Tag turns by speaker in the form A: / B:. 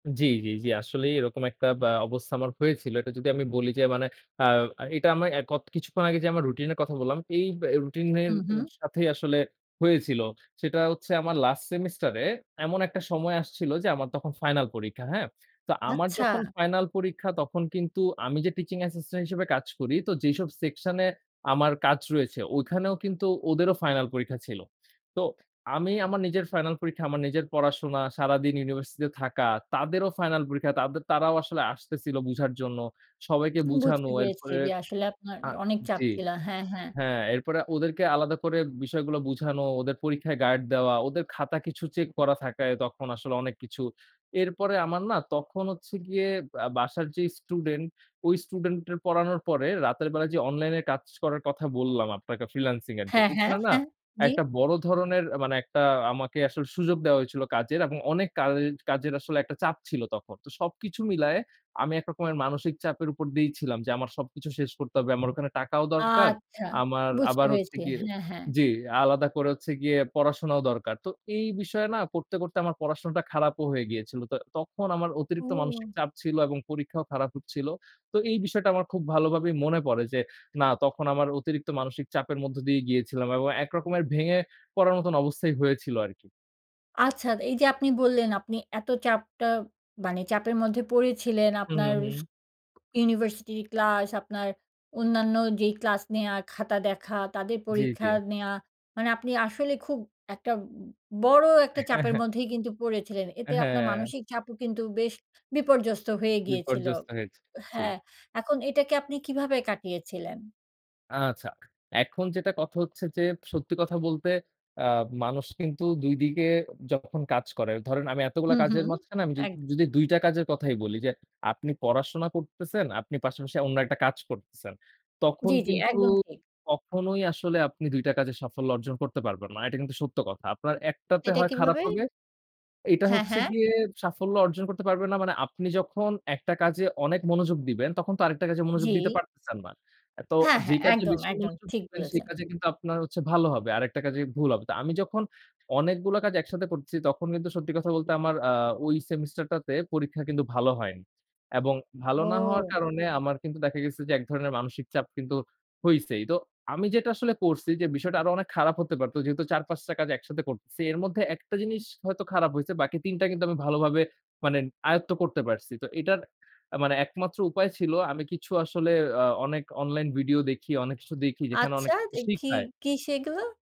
A: জি, জি, জি। আসলেই এরকম একটা বা অবস্থা আমার হয়েছিল। এটা যদি আমি বলি যে, মানে অ্যা এটা আমরা এ ক কিছুক্ষণ আগে যে আমার রুটিন এর কথা বললাম, এই ব্য রুটিন
B: হু,
A: এর
B: হু।
A: সাথেই আসলে হয়েছিল। সেটা হচ্ছে আমার লাস্ট সেমিস্টারে এমন একটা সময় আসছিল যে, আমার তখন ফাইনাল পরীক্ষা। হ্যাঁ? তো আমার
B: আচ্ছা।
A: যখন ফাইনাল পরীক্ষা তখন কিন্তু, আমি যে টিচিং অ্যাসিস্ট্যান্ট হিসেবে কাজ করি, তো যেসব সেকশন এ আমার কাজ রয়েছে, ওখানেও কিন্তু ওদেরও ফাইনাল পরীক্ষা ছিল। তো আমি আমার নিজের ফাইনাল পরীক্ষা, আমার নিজের পড়াশোনা, সারাদিন ইউনিভার্সিটিতে থাকা, তাদেরও ফাইনাল পরীক্ষা, তাদের তারাও আসলে আসতেছিল বুঝার জন্য। সবাইকে
B: উম বুঝতে
A: বুঝানো
B: পেরেছি
A: এরপরে
B: যে, আসলে আপনার
A: আ
B: অনেক চাপ
A: জি।
B: ছিল। হ্যাঁ, হ্যাঁ।
A: হ্যাঁ, এরপরে ওদেরকে আলাদা করে বিষয়গুলা বুঝানো, ওদের পরীক্ষায় গার্ড দেওয়া, ওদের খাতা কিছু চেক করা থাকে তখন আসলে, অনেক কিছু। এরপরে আমার না, তখন হচ্ছে গিয়ে বা বাসার যে স্টুডেন্ট, ওই স্টুডেন্ট এর পড়ানোর পরে রাতের বেলা যে, অনলাইন এ কাজ করার কথা বললাম আপনাকে ফ্রিল্যান্সিং এর। যে
B: হ্যাঁ, হ্যাঁ,
A: ওখানে না?
B: হ্যাঁ, জি।
A: একটা বড় ধরনের আ মানে, একটা আমাকে আসলে সুযোগ দেয়া হয়েছিল কাজের এবং অনেক কাজ কাজের আসলে একটা চাপ ছিল তখন। তো সবকিছু মিলায়ে, আমি এক রকমের মানসিক চাপের উপর দিয়েই ছিলাম যে, আমার সবকিছু শেষ করতে হবে। আমার ওখানে টাকাও দরকার।
B: আচ্ছা।
A: আমার
B: বুঝতে
A: আবার হচ্ছে
B: পেরেছি।
A: গিয়ে
B: হ্যাঁ, হ্যাঁ।
A: জি, আলাদা করে হচ্ছে গিয়ে পড়াশোনাও দরকার। তো এই বিষয়ে না? করতে, করতে আমার পড়াশোনাটা খারাপও হয়ে গিয়েছিল। তো তখন আমার অতিরিক্ত মানসিক
B: ও!
A: চাপ ছিল এবং পরীক্ষাও খারাপ হচ্ছিল। তো এই বিষয়টা আমার খুব ভালোভাবেই মনে পড়ে যে না, তখন আমার অতিরিক্ত মানসিক চাপের মধ্য দিয়ে গিয়েছিলাম এবং একরকমের ভেঙে পড়ার মত অবস্থাই হয়েছিল আরকি।
B: আচ্ছা, এইযে আপনি বললেন আপনি এত চাপটা মানে, চাপের মধ্যে পড়েছিলেন।
A: হুম,
B: আপনার
A: হু,
B: স
A: হুম।
B: ইউনিভার্সিটি'র ক্লাস, আপনার অন্যান্য যেই ক্লাস নেয়া, খাতা দেখা, তাদের
A: জি, জি।
B: পরীক্ষা নেওয়া। মানে আপনি আসলে খুব একটা বড় একটা
A: হ্যাঁ,
B: চাপের
A: হ্যাঁ।
B: মধ্যেই কিন্তু পড়েছিলেন।
A: এ
B: এতে আপনার
A: হ্যাঁ।
B: মানসিক চাপও কিন্তু বেশ বিপর্যস্ত হয়ে গিয়েছিল উ
A: বিপর্যস্ত হয়েছে। জি।
B: হ্যাঁ, এখন এটাকে আপনি কিভাবে কাটিয়েছিলেন?
A: আচ্ছা। এখন যেটা কথা হচ্ছে যে, সত্যি কথা বলতে, আ মানুষ কিন্তু ২ দিকে যখন কাজ করে। ধরেন আমি এতগুলা
B: হুম,
A: কাজের
B: হুম।
A: মাঝখানে, আমি য
B: এক
A: যদি ২ টা কাজের কথাই বলি যে, আপনি পড়াশোনা করতেছেন, আপনি পাশাপাশি অন্য একটা কাজ করতেছেন।
B: জি,
A: তখন
B: জি,
A: কিন্তু
B: একদম ঠিক।
A: কখনোই আসলে আপনি, ২ টা কাজে সাফল্য অর্জন করতে পারবেন না। এটা কিন্তু সত্য কথা। আপনার একটাতে
B: এটা
A: হয় খারাপ
B: কিভাবে?
A: হবে এটা
B: হ্যাঁ,
A: হচ্ছে
B: হ্যাঁ।
A: গিয়ে, সাফল্য অর্জন করতে পারবে না মানে, আপনি যখন ১ টা কাজে অনেক মনোযোগ দিবেন, তখন তো আরেকটা কাজে মনোযোগ দিতে
B: জি।
A: পারতেছেন না। আ তো
B: হ্যাঁ,
A: যে
B: হ্যাঁ,
A: কাজে
B: একদম,
A: বেশি
B: একদম।
A: মনোযোগ
B: ঠিক
A: দিবেন, সেই
B: বলেছেন।
A: কাজে কিন্তু আপনার হচ্ছে ভালো হবে। আরেকটা কাজে ভুল হবে। তো আমি যখন অনেকগুলো কাজ একসাথে করতেসি, তখন কিন্তু সত্যি কথা বলতে আমার আ ওই সেমিস্টারটাতে পরীক্ষা কিন্তু ভালো হয়নি। এবং ভালো না হওয়ার
B: ও!
A: কারণে আমার কিন্তু দেখা গেছে যে, এক ধরনের মানসিক চাপ কিন্তু হইছেই। তো আমি যেটা আসলে করছি যে, বিষয়টা আরো অনেক খারাপ হতে পারত। যেহেতু ৪-৫ টা কাজ একসাথে করতেছি। এর মধ্যে ১ টা জিনিস হয়তো খারাপ হয়েছে। বাকি ৩ টা কিন্তু আমি ভালোভাবে মানে আয়ত্ত করতে পারছি। তো এটার অ্যা মানে একমাত্র উপায় ছিল, আমি কিছু আসলে আ অনেক অনলাইন ভিডিও দেখি, অনেক কিছু দেখি, যেখানে
B: আচ্ছা?
A: অনেক কিছু
B: তো কি,
A: শিখায়।
B: কি সেগুলো?